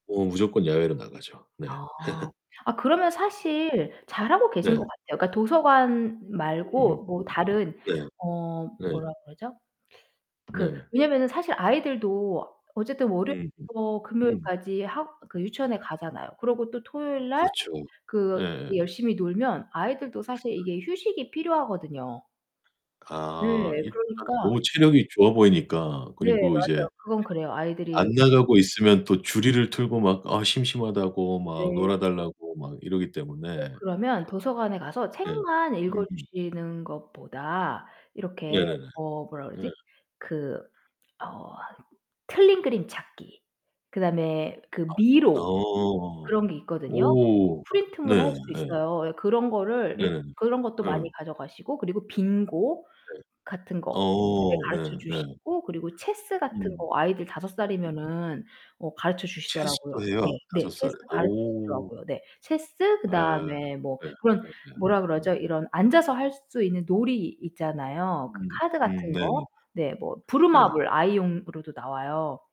어, 무조건 야외로 나가죠. 네. 아, 아 그러면 사실 잘하고 네. 계신 거 같아요. 그러니까 도서관 으으음 말고 뭐 음. 다른 네. 어 네. 뭐라 그러죠? 그 네. 왜냐면은 사실 아이들도 어쨌든 음. 월요일부터 음. 금요일까지 학 그 유치원에 가잖아요. 그러고 또 토요일 날 그렇죠. 그 예. 이제 열심히 놀면 아이들도 사실 이게 휴식이 필요하거든요. 네, 아, 일단 그러니까 너무 체력이 좋아 보이니까. 네. 그리고 이제. 맞아요. 그건 그래요. 안 아이들이 나가고 있으면 또 주리를 틀고 막 아 심심하다고 막 네. 놀아 달라고 막 이러기 어 때문에 그러면 도서관에 가서 네. 책만 음음. 읽어주시는 것보다 이렇게 네네네. 어 뭐라 네. 그러지? 그 어 틀린 그림 찾기. 그다음에 그 아 미로. 어. 그런 게 있거든요. 오. 네 프린트물 할 예. 수 있어요. 예 그런 거를 일 네. 그런 것도 응. 많이 가져가시고 그리고 빙고 네. 같은 거 네 어, 가르쳐 네네. 주시고 그리고 체스 같은 음. 거 아이들 5 살이면은 어 가르쳐주시더라고요. 체스도 해요, 네. 5 네. 살에. 체스 오. 가르쳐주시더라고요. 네. 체스 예. 그다음에 뭐 예 그런 예예. 뭐라 그러죠? 음. 이런 앉아서 할 수 있는 놀이 있잖아요. 그 음. 카드 음 같은 거. 네네네. 네 뭐 네. 브루마블 아이용으로도 나와요.